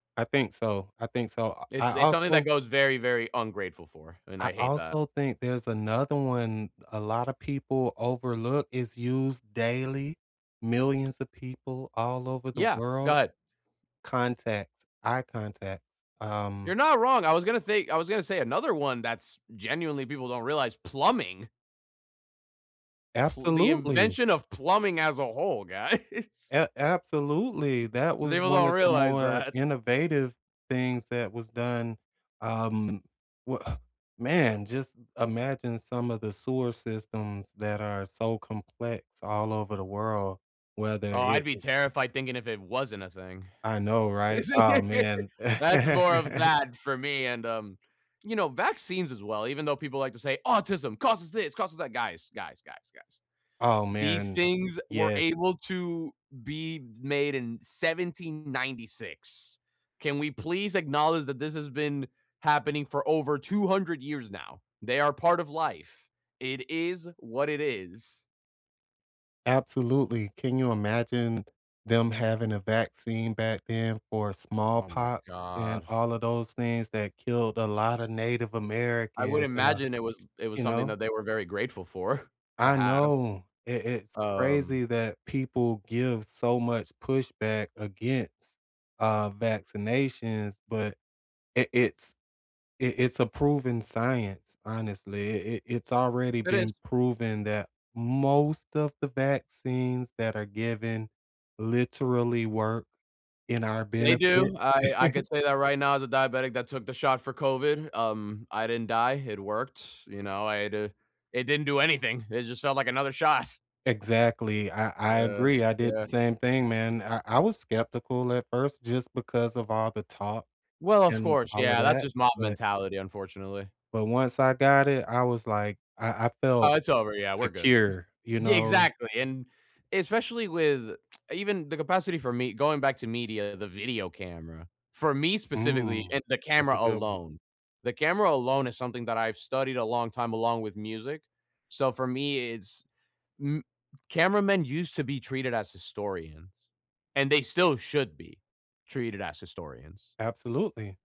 I think so, I think so, I It's I it's something that also goes very, very ungrateful for, and I I hate that. also think there's another one a lotta people overlook is used daily. Millions of people all over the Yeah, go world ahead. contacts eye contacts, You're um not wrong, I was gonna say I was gonna say another one that's genuinely people don't realize, plumbing. Pl the Absolutely. invention of plumbing as a whole, guys. A absolutely, that was People one don't of the realize more that. innovative things that was done, um, wa man, just imagine some of the sewer systems that are so complex all over the world whether Oh, I'd it be is terrified thinking if it wasn't a thing. I know, right? Ah, man. That's more of that for me, and, um, you know, vaccines as well, even though people like to say, "Autism causes 'this', causes 'that'." Guys, guys, guys, guys. Oh, These man. things were Yes. able to be made in 1796. Can we please acknowledge that this has been happening for over 200 years now, they are part of life. It is what it is. Absolutely, can you imagine them having a vaccine back then for Oh my smallpox and god. all of those things that killed a lotta native I would Americans? Am I imagine it was it was you something know? that they were very grateful for to I have. know i it's Um crazy that people give so much pushback against, uh, vaccinations, but i it's i it's a proven science, honestly, i it it's already It is. been proven that most of the vaccines that are given literally work in our They benefit. do, I I could say that right now as a diabetic that took the shot for COVID, um, I didn't die, it worked, you know? I had to it didn't do anything, it just felt like another shot. Exactly, I I Uh, agree, I did the yeah. same thing, man, I I was skeptical at first just because of all the talk Well, of and course, all of yeah, that's that, just mob but mentality, unfortunately. but once I got it, I was, like I I Oh, felt it's over, yeah, we're good. secure, you Yeah, know? exactly, and especially with even the capacity for me going back to media, the video camera, for me specifically, Mm. and the That's a camera good one. alone. The camera alone is something that I've studied a long time along with music. So for me, it's m cameramen used to be treated as historians, and they still should be treated as historians. Absolutely.